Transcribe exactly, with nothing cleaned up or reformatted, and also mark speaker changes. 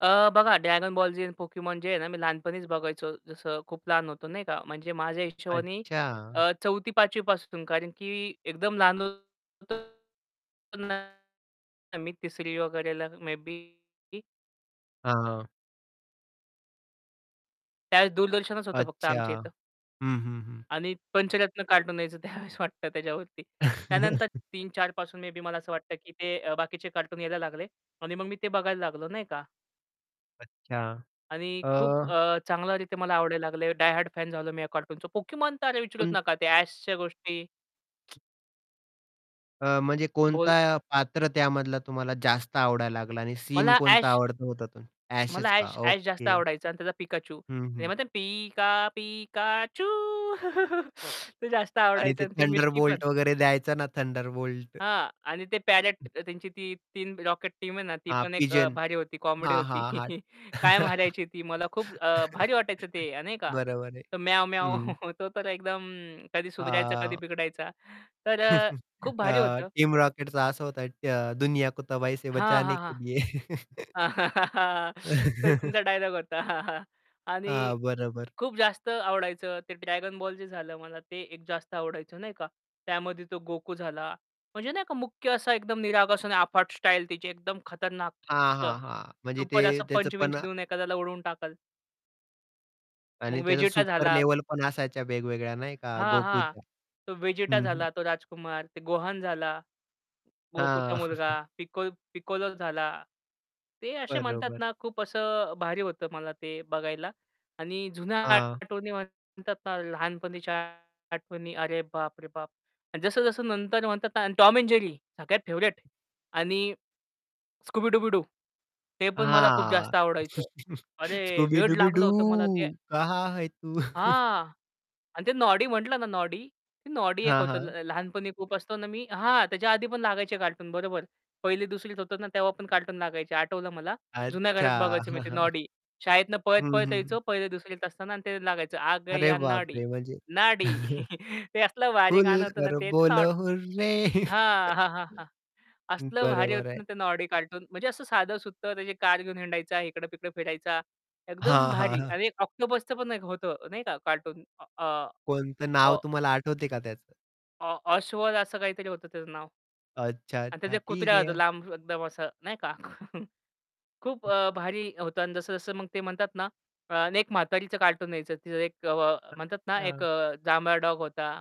Speaker 1: अ, बघा Dragon Ball Z आणि Pokémon जे आहे ना मी लहानपणीच बघायचो जसं खूप लहान होतो नाही का? म्हणजे माझ्या हिशोबानी
Speaker 2: अच्छा.
Speaker 1: अ, चौथी पाचवी पासून कारण की एकदम लहान होतो ना मी तिसरी वगैरेला मे बी
Speaker 2: हां, हां.
Speaker 1: त्यावेळेस दूरदर्शनच होतं फक्त
Speaker 2: अच्छा.
Speaker 1: आमच्या इथं.
Speaker 2: हं, हं, हं.
Speaker 1: आणि पंचरत्न कार्टून यायचं त्यावेळेस वाटतं त्याच्यावरती. त्यानंतर तीन-चार पासून मे बी मला असं वाटतं, की ते बाकीचे कार्टून यायला लागले. आणि मग मी ते बघायला लागलो नाही का?
Speaker 2: अच्छा.
Speaker 1: आणि खूप
Speaker 2: अ
Speaker 1: अ, चांगल्या रीती मला आवडायला लागले. डाय हार्ड फॅन झालो मी या कार्टूनचं. Pokémon तर अरे, विचारूच
Speaker 2: पण
Speaker 1: नका, त्या ॲशच्या गोष्टी.
Speaker 2: अ, म्हणजे
Speaker 1: बोल
Speaker 2: कोणता पात्र त्यामधला तुम्हाला जास्त आवडायला लागला आणि सीन
Speaker 1: मला
Speaker 2: कोणता
Speaker 1: ॲश
Speaker 2: आवडता होता?
Speaker 1: मला
Speaker 2: ॲशच का.
Speaker 1: ॲश ॲश जास्त
Speaker 2: ओके.
Speaker 1: आवडायचा आणि त्याचा पिकाचू.
Speaker 2: हं,
Speaker 1: ते
Speaker 2: हं.
Speaker 1: म्हणतात पिका पिकाचू. ते जास्त
Speaker 2: आणि
Speaker 1: आवडायचं
Speaker 2: ते
Speaker 1: आणि ती मिस्ट्री पण.
Speaker 2: थंडरबोल्ट वगैरे द्यायचं ना थंडरबोल्ट.
Speaker 1: हां, आणि ते पॅरेट त्यांची ती तीन रॉकेट टीम आहे ना ती
Speaker 2: हां,
Speaker 1: पण एक
Speaker 2: पिजन
Speaker 1: भारी होती, कॉमेडी
Speaker 2: हां,
Speaker 1: होती.
Speaker 2: हां, हां.
Speaker 1: कायम हारायची ती. मला खूप अ, भारी वाटायचं ते नाही का?
Speaker 2: बरोबर आहे.
Speaker 1: तो म्याव-म्याव,
Speaker 2: हं.
Speaker 1: तो तर एकदम कधी सुधरायचा, कधी
Speaker 2: अ
Speaker 1: बिघडायचा. तर खूप
Speaker 2: अ,
Speaker 1: भारी होतं.
Speaker 2: टीम रॉकेटचं असं होतं, "दुनिया को तबाही से
Speaker 1: हां,
Speaker 2: बचाने
Speaker 1: हां,
Speaker 2: के लिए"
Speaker 1: हां. ते तुमचा डायलॉग होता. आणि
Speaker 2: हां, बरोबर.
Speaker 1: खूप जास्त आवडायचं ते Dragon Ball Z जे झालं, मला ते एक जास्त आवडायचं नाही का? त्यामध्ये तो गोकू झाला. म्हणजे नाही का मुख्य असा एकदम निरागस आणि अफाट स्टाईल त्याची, एकदम खतरनाक
Speaker 2: हां,
Speaker 1: असं,
Speaker 2: हां, हां. म्हणजे ते
Speaker 1: सुपर असं,
Speaker 2: त्याचं
Speaker 1: पंच विंच
Speaker 2: पण
Speaker 1: देऊन एखाद्याला उडवून टाकल. मग
Speaker 2: आणि त्याचा
Speaker 1: वेजेटा
Speaker 2: सुपर
Speaker 1: झाला.
Speaker 2: लेव्हल पण असायच्या वेगवेगळ्या नाही का,
Speaker 1: हां, हां,
Speaker 2: गोकूच्या.
Speaker 1: तो वेजेटा
Speaker 2: हं, हं.
Speaker 1: झाला, तो राजकुमार, ते गोहान झाला,
Speaker 2: हां.
Speaker 1: गोकूचा मुलगा पिक पिकोलो झाला. ते असे म्हणतात
Speaker 2: बरोबर.
Speaker 1: ना खूप असं भारी होतं मला ते बघायला. आणि जुन्या
Speaker 2: हां.
Speaker 1: आठवणी म्हणतात ना लहानपणीच्या आठवणी अरे, बाप रे बाप! जसं जसं नंतर म्हणतात ना आणि Tom and Jerry सगळ्यात फेवरीट आणि Scooby-Dooby-Doo ते पण मला खूप
Speaker 2: हां.
Speaker 1: जास्त आवडायचं. अरे, वेड लागलं होतं मला ते
Speaker 2: Scooby-Dooby-Doo कहा है तू?
Speaker 1: हां. आणि ते नॉडी म्हटलं ना नॉडी, नॉडी एक
Speaker 2: हां,
Speaker 1: होतं
Speaker 2: हां.
Speaker 1: ल लहानपणी खूप असतो ना मी हां, त्याच्या आधी पण लागायचे कार्टून बरोबर. पहिली दुसरीत होतं ना तेव्हा पण कार्टून लागायचे आठवलं मला. जुन्या घरात
Speaker 2: अच्छा.
Speaker 1: बघायचो मी ते नॉडी शाळेतनं
Speaker 2: हं,
Speaker 1: पळत-पळत
Speaker 2: हं.
Speaker 1: यायचो. पहिली दुसरीत असताना ते लागायचं, आ
Speaker 2: अरे
Speaker 1: गया नॉडी,
Speaker 2: बापरे! म्हणजे
Speaker 1: नॉडी ते असलं भारी
Speaker 2: खुल
Speaker 1: गाणं होतं ना,
Speaker 2: कर
Speaker 1: तेच
Speaker 2: बोल
Speaker 1: नॉड
Speaker 2: हुररे
Speaker 1: हां, हां, हां, हां. असलं भारी
Speaker 2: बरोबर
Speaker 1: होतं
Speaker 2: आहे.
Speaker 1: ना ते नॉडी कार्टून म्हणजे असं साधं सुततं, त्याची कार घेऊन हिंडायचा इकडे-तिकडे फिरायचा, एकदम
Speaker 2: हां, हां,
Speaker 1: भारी
Speaker 2: हां.
Speaker 1: आणि एक ऑक्टोपसचं पण होतं नाही का, कार्टून अ,
Speaker 2: कोणतं?
Speaker 1: अ
Speaker 2: नाव तुम्हाला आठवते का त्याचं?
Speaker 1: अ, ऑ अश्वद असं काहीतरी होतं त्याचं नाव.
Speaker 2: अच्छा,
Speaker 1: आणि त्याचा
Speaker 2: अच्छा,
Speaker 1: एक
Speaker 2: ठीक
Speaker 1: कुत्रा होता,
Speaker 2: आहे.
Speaker 1: लांब एकदम असा नाही का? खूप अ, भारी होता आणि जसं-जसं मग ते म्हणतात ना एक म्हातारीचं कार्टून यायचं. एक म्हणतात ना एक
Speaker 2: हां.
Speaker 1: जांभळा डॉग होता.